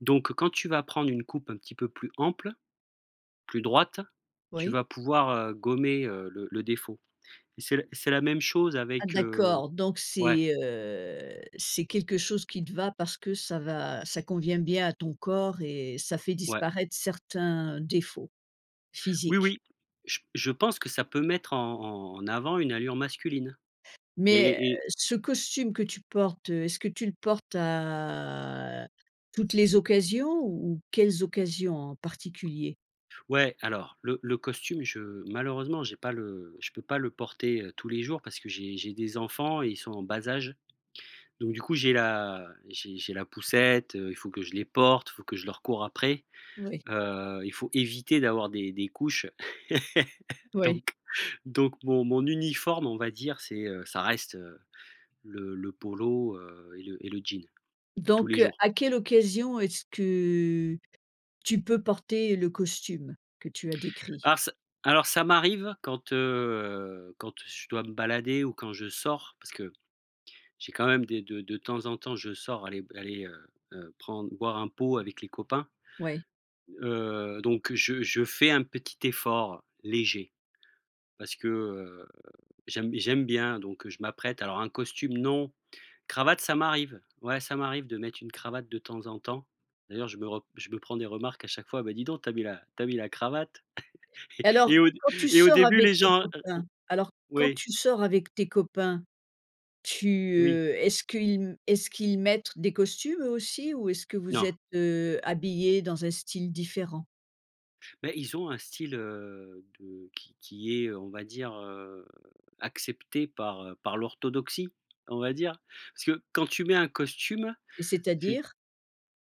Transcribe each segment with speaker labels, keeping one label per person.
Speaker 1: Donc quand tu vas prendre une coupe un petit peu plus ample, plus droite, tu
Speaker 2: Oui.
Speaker 1: vas pouvoir, heu, gommer, heu, le le défaut. Et c'est c'est la c'est la même chose
Speaker 2: Ah
Speaker 1: avec, heu
Speaker 2: d'accord, donc
Speaker 1: ouais.
Speaker 2: c'est, heu, c'est quelque chose qui te va parce que ça va ça convient bien à ton corps et ça fait
Speaker 1: Ouais.
Speaker 2: disparaître certains défauts
Speaker 1: Oui,
Speaker 2: physiques.
Speaker 1: oui, je p je pense que ça peut mettre en en avant une allure masculine
Speaker 2: Mais heu,
Speaker 1: et et
Speaker 2: ce costume que tu portes, heu, est-ce que tu le portes à toutes les occasions ou ou quelles occasions en particulier?
Speaker 1: Ouais alors le le costume je malheureusement j'ai pas le je peux pas le porter, heu, tous les jours parce que j'ai j'ai des enfants et ils sont en bas âge. Donc du coup j'ai la j'ai j'ai la poussette, heu, il faut que je les porte, il faut que je leur cours après,
Speaker 2: Oui.
Speaker 1: heu, Il faut éviter d'avoir des des couches.
Speaker 2: Oui.
Speaker 1: Donc donc mon mon uniforme on va dire, c'est, heu, ça reste, heu, le le polo, heu et le et le jean, tous les
Speaker 2: Donc heu,
Speaker 1: jours.
Speaker 2: à quelle occasion est-ce que tu peux porter le costume, que tu as décrit?
Speaker 1: Alors ç alors ça m'arrive quand, heu, quand je dois me balader ou quand je sors, parce que j'ai quand même des de de temps en temps, je sors aller b allez, heu heu, prendre boire un pot avec les copains,
Speaker 2: Ouais.
Speaker 1: heu, donc je je fais un petit effort, léger, parce que, heu, j'aime b j'aime bien. Donc heu, je m'apprête, alors un costume non, cravate, ça m'arrive. Ouais ça m'arrive de mettre une cravate de temps en temps. D'ailleurs je me re je me prends des remarques à chaque fois: «Bah dis donc tu as mis la tu as mis la cravate» et
Speaker 2: Alors
Speaker 1: et au dé
Speaker 2: quand tu
Speaker 1: et au
Speaker 2: sors
Speaker 1: début
Speaker 2: avec
Speaker 1: les
Speaker 2: tes
Speaker 1: gens, heu o
Speaker 2: copains alors quand
Speaker 1: oui
Speaker 2: tu sors avec tes copains, tu
Speaker 1: Oui.
Speaker 2: heu est-ce qu'ils est-ce qu'ils mettre des costumes eux aussi ou est-ce que vous
Speaker 1: Non.
Speaker 2: êtes heu, habillés dans un style différent?
Speaker 1: Bah ils ont un style, heu, de qui qui est, heu, on va dire, heu, accepté par, heu par l'orthodoxie, on va dire. Parce que quand tu mets un costume, c'est
Speaker 2: C'est-à-dire?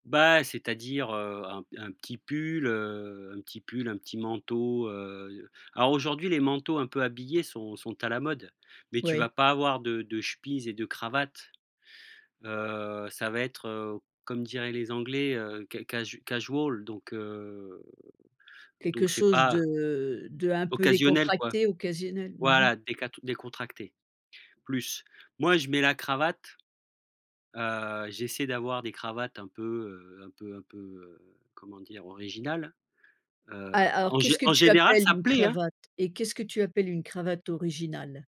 Speaker 1: Bah, c'est à dire, heu, un p un petit pull, heu, un petit pull, un petit manteau, heu alors aujourd'hui les manteaux un peu habillés sont sont à la mode mais tu
Speaker 2: Oui.
Speaker 1: vas pas avoir de de chemises et de cravates, heu, ça va être heu, comme diraient les anglais, heu, ca casu casual donc heu,
Speaker 2: Quelque
Speaker 1: donc c'est
Speaker 2: chose
Speaker 1: pas
Speaker 2: de d'un peu
Speaker 1: occasionnel, quoi.
Speaker 2: décontracté, occasionnel mmh mh.
Speaker 1: Voilà décat décontracté, plus. Moi je mets la cravate, heu, j'essaie d'avoir des cravates un peu, heu, un peu un peu, heu, comment dire? Originales, heu,
Speaker 2: Ah, alors
Speaker 1: en
Speaker 2: qu'est-ce
Speaker 1: gé
Speaker 2: que
Speaker 1: en
Speaker 2: tu
Speaker 1: général,
Speaker 2: appelles
Speaker 1: ça
Speaker 2: une
Speaker 1: plaît, hein.
Speaker 2: cravate? Et qu'est-ce que tu appelles une cravate originale?